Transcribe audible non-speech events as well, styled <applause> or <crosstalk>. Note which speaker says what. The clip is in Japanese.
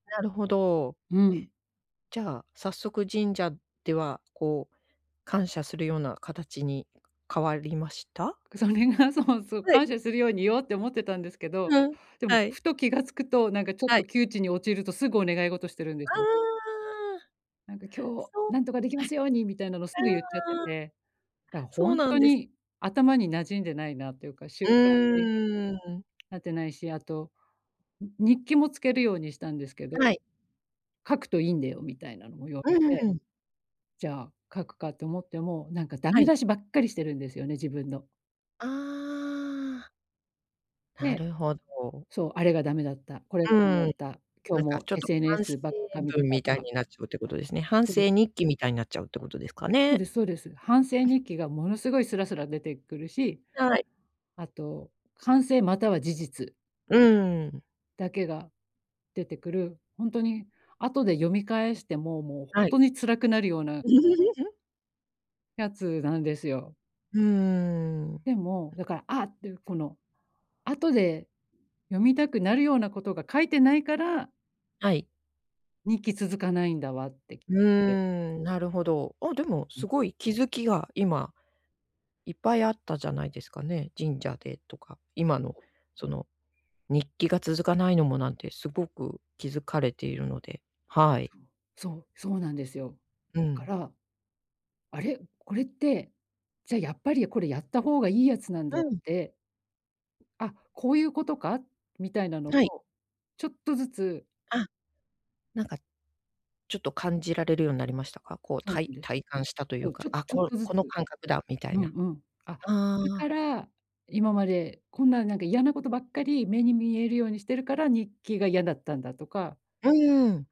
Speaker 1: なるほど。
Speaker 2: うん。
Speaker 1: じゃあ、早速神社では、こう、感謝するような形に変わりました？
Speaker 2: それがそうそう、
Speaker 1: はい。
Speaker 2: 感謝するように言おうって思ってたんですけど、
Speaker 1: うん、
Speaker 2: でも、
Speaker 1: はい。
Speaker 2: ふと気が付くと、なんかちょっ
Speaker 1: は
Speaker 2: と
Speaker 1: い。
Speaker 2: 窮地に陥ると、すぐお願い事してるんです
Speaker 1: あ
Speaker 2: ね。
Speaker 1: あ。
Speaker 2: なんか今日、
Speaker 1: そう。
Speaker 2: 何とかできますように、みたいなのをすぐ
Speaker 1: え。
Speaker 2: 言っちゃって
Speaker 1: ああ。
Speaker 2: て、だからほ
Speaker 1: そう
Speaker 2: ん
Speaker 1: なん
Speaker 2: と
Speaker 1: です。
Speaker 2: に頭に馴染んでないなっていうか、習慣に
Speaker 1: うん。
Speaker 2: なってないし、あと、日記もつけるようにしたんですけど、
Speaker 1: はい。
Speaker 2: 書くといいんだよみたいなのを言わ
Speaker 1: う
Speaker 2: れて。
Speaker 1: ん。
Speaker 2: じゃあ、書くかと思っても、なんか駄
Speaker 1: は
Speaker 2: 目
Speaker 1: い。
Speaker 2: 出しばっかりしてるんですよね、自分の。
Speaker 1: ああ。な
Speaker 2: で
Speaker 1: るほど。
Speaker 2: そう、あれが駄目だった、これ
Speaker 1: う
Speaker 2: が駄目だっ
Speaker 1: ん。
Speaker 2: た、今
Speaker 1: な
Speaker 2: 日
Speaker 1: んか
Speaker 2: も
Speaker 1: ちょっと反
Speaker 2: SNS
Speaker 1: 省
Speaker 2: ばっか見て
Speaker 1: 文
Speaker 2: た
Speaker 1: み
Speaker 2: と
Speaker 1: たい
Speaker 2: か。
Speaker 1: になっちゃうってことですね。反
Speaker 2: そうです。
Speaker 1: 省日記みたいになっちゃうってことですか
Speaker 2: そう
Speaker 1: ね？
Speaker 2: ですそうです。反省日記がものすごいスラスラ出てくるし。
Speaker 1: はい。
Speaker 2: あと、反省または事実
Speaker 1: うーん。
Speaker 2: だけが出てくる、ほんとに後で読み返しても、もうほん
Speaker 1: はい。
Speaker 2: とに辛くなるような
Speaker 1: <laughs>
Speaker 2: やつなんですよ。
Speaker 1: うーん。
Speaker 2: でも、だから、ああっていうこの、後で読みたくなるようなことが書いてないから。
Speaker 1: はい。
Speaker 2: 日記続かないんだわって言っ
Speaker 1: う
Speaker 2: て。
Speaker 1: ーん、なるほど。あ、でも
Speaker 2: うん。
Speaker 1: すごい気づきが今、いっぱいあったじゃないですかね、神社でとか、今のその、日記が続かないのもなんてすごく気づかれているので、はい。
Speaker 2: そう、そう、そうなんですよ。
Speaker 1: う
Speaker 2: だか
Speaker 1: ん。
Speaker 2: ら、あれ、これって、じゃあやっぱりこれやった方がいいやつなんだ
Speaker 1: う
Speaker 2: っ
Speaker 1: ん。
Speaker 2: て。あ、こういうことか、みたいなの
Speaker 1: はい。
Speaker 2: を、ちょっとずつ
Speaker 1: あ。なんか、ちょっと感じられるようになりましたか？こう、
Speaker 2: そう
Speaker 1: たい
Speaker 2: なんです。
Speaker 1: 体感したとい
Speaker 2: そ
Speaker 1: う
Speaker 2: う、ち
Speaker 1: か、
Speaker 2: ょ
Speaker 1: あ、
Speaker 2: ちょっ
Speaker 1: こ
Speaker 2: とずつ。
Speaker 1: この感覚だみたい
Speaker 2: うん
Speaker 1: な。
Speaker 2: うん。あ、だ
Speaker 1: あ
Speaker 2: か
Speaker 1: あ。
Speaker 2: ら、今までこんな、なんか嫌なことばっかり目に見えるようにしてるから、日記が嫌だったんだとか。
Speaker 1: うーん。